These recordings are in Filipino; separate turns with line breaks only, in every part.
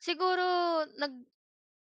Siguro nag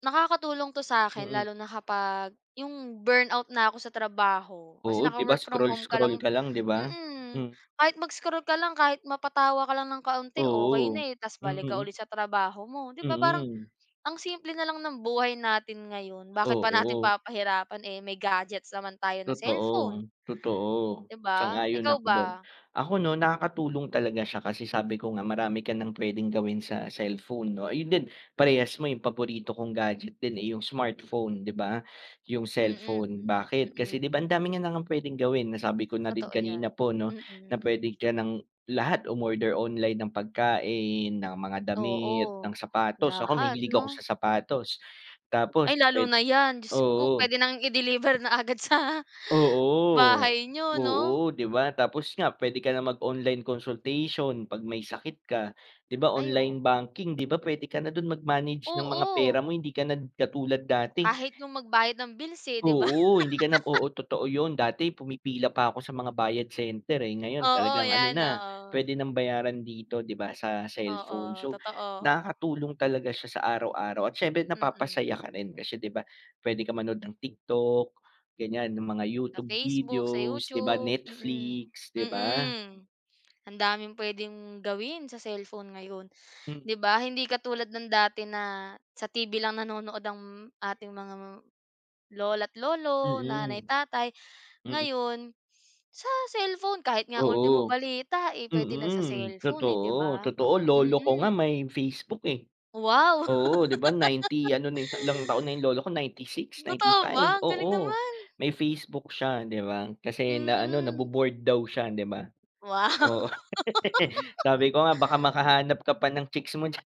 nakakatulong 'to sa 'kin,
Mm.
lalo na kapag yung burnout na ako sa trabaho, kasi
Oo, di ba
naka-work from home ka
scroll-scroll
lang
ka lang, di ba?
mm.
Hmm.
Kahit mag-scroll ka lang, kahit mapatawa ka lang ng kaunti, okey
Oo.
na, eh, tas balik ka
Mm.
ulit sa trabaho mo. Di ba parang,
Mm.
ang simple na lang ng buhay natin ngayon, bakit pa natin
Oo.
papahirapan, eh, may gadgets naman tayo na
Totoo.
cellphone?
Totoo.
Di ba?
Sang-ayon
Ikaw
ako do'n.
ba?
Ako 'no, nakakatulong talaga siya, kasi sabi ko nga, marami ka nang pwedeng gawin sa cellphone, 'no? Ayun din, parehas mo, yung paborito kong gadget din, eh, yung smartphone, di ba? Yung cellphone.
Mm.
Bakit? Kasi di
Mm.
ba, ang dami niya na ngang pwedeng gawin. Nasabi ko na din
Totoo yan.
kanina po 'no, na
Mm.
pwedeng ka nang lahat, umorder online ng pagkain, ng mga damit, ng
Oo.
sapatos. Ako,
Lahat
mahilig ako
'no?
sa sapatos. Tapos
Ay, lalo
pwed
na yan. Jusko!
oo.
Pwede na ngang i-deliver na agad sa
Oo.
bahay niyo,
Oo,
'no?
di ba? Tapos nga, pwede ka nang mag-online consultation 'pag may sakit ka, di ba
Ay,
online
oo.
banking, di ba pwede ka na do'n mag-manage ng mga pera
Oo.
mo. Hindi ka na katulad dati.
Kahit no'ng magbayad ng bills, eh, di ba?
Oo, hindi ka na oo, totoo yun. Dati, pumipila pa ko sa mga Bayad Center eh, ngayon,
Oo,
talagang ano
yan,
na,
oo.
pwede nang bayaran dito, di ba, sa cellphone.
Oo,
So,
totoo.
nakakatulong talaga siya sa araw-araw. At siyempre,
Mm.
napapasaya ka rin, kasi di ba, pwede ka manood ng TikTok, ganyan, ng mga
Sa
YouTube
Facebook, sa
videos, di ba,
YouTube. Mm.
Netflix, di ba?
Mm. Ang daming pwedeng gawin sa cellphone ngayon.
Hmm.
Di ba? Hindi katulad ng dati na sa TV lang nanonood ang ating mga lola't lolo, nanay,
Mm.
tatay,
Mm.
ngayon, sa cellphone, kahit nga ultimo
Oo.
balita, eh, pwede na sa
Mm.
cellphone, eh, di
Totoo,
ba?
totoo. Lolo ko nga,
Mm.
may Facebook eh.
Wow.
Oo, di ba? 90 ano na yu ilang taon na yung lolo ko, 96,
Totoo
95.
ba? Ang galing
Oo,
naman.
may Facebook siya, di ba. Kasi na ano,
Mm.
nabo-bored daw siya, di ba?
Wow.
Oo. Sabi ko nga, baka makahanap ka pa ng chicks mo diyan.